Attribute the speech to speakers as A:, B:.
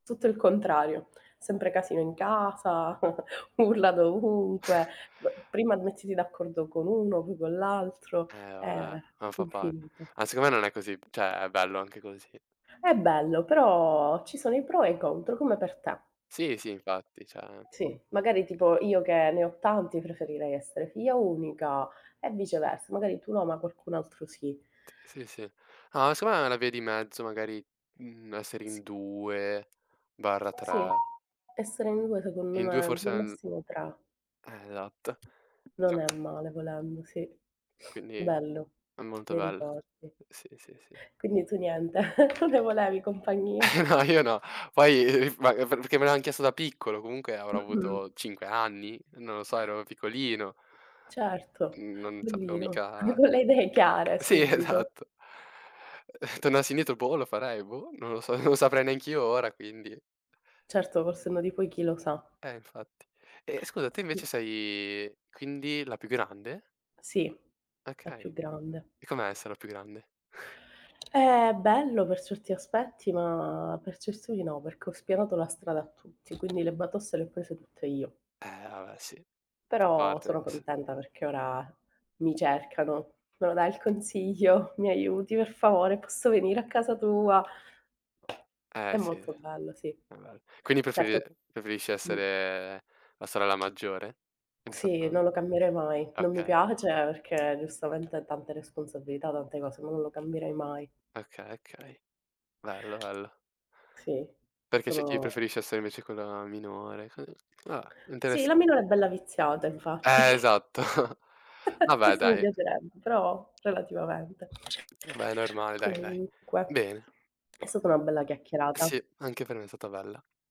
A: Tutto il contrario. Sempre casino in casa urla dovunque. Prima mettiti d'accordo con 1, poi con l'altro,
B: Eh,
A: è
B: vabbè, non fa pa
A: infinito.
B: ma secondo me non è così cioè, è bello anche così.
A: È bello, però ci sono i pro e i contro, come per te.
B: Sì, sì, infatti, cioè
A: Sì, magari tipo io che ne ho tanti preferirei essere figlia unica e viceversa, magari tu no, ma qualcun altro sì.
B: Sì, sì, sì. Ah secondo me è una via di mezzo magari, mhmm, essere
A: S
B: in due barra
A: Sì.
B: tre
A: Essere in 2 secondo
B: In 2
A: me,
B: forse
A: 2
B: n
A: massimo 3.
B: Eh, esatto.
A: Non
B: Cioè
A: è male volendo, sì.
B: Quindi
A: Bello.
B: è molto
A: Bei
B: bello.
A: ricordi.
B: Sì, sì, sì.
A: Quindi tu niente, non ne volevi compagnia.
B: No, io no. Poi, [unintelligible] perché me l'han chiesto da piccolo, comunque avrò
A: Mh-mh.
B: avuto 5 anni? Non lo so, ero piccolino.
A: Certo,
B: Non sapevo
A: bellino.
B: mica
A: Con le idee chiare
B: Sì,
A: subito.
B: esatto. Tornassi indietro boh, lo farei boh? Non lo so, non saprei neanch'io ora, quindi
A: Certo, col senno di poi chi lo sa.
B: Eh, infatti. E e scusa, te invece
A: Sì.
B: sei quindi la più grande?
A: Sì, la
B: Okay.
A: più grande.
B: E com'è essere la più grande?
A: È bello per certi aspetti, ma per certo i no, perché ho spianato la strada a tutti, quindi le batoste le ho prese tutte io.
B: Eh, vabbè, sì, fa
A: Però
B: parte
A: sono
B: s
A: contenta perché ora mi cercano. "Me lo dai il consiglio? Mi aiuti, per favore? posso venire a casa tua?"
B: Eh,
A: È
B: sì.
A: molto
B: È
A: bello, sì.
B: bel quindi preferi
A: Certo.
B: preferisci
A: Mh.
B: essere la sorella maggiore?
A: Sì,
B: [unintelligible]
A: non lo cambierei mai. Non mi
B: Okay.
A: piace perché giustamente ha tante responsabilità, tante cose, ma non lo cambierei mai.
B: Okay, okay. Bello, bello.
A: Sì,
B: Perché c'è chi
A: sono
B: preferisce essere invece quella minore co va beh,
A: Sì, la
B: interessa
A: minore è bella viziata, infatti.
B: Eh, esatto. Vabbè,
A: Questo mi
B: dai.
A: piacerebbe, però relativamente.
B: Vabbè, è normale, dai, dai.
A: Comunque
B: Bene.
A: è stata una bella chiacchierata.
B: Sì, anche per me è stata bella.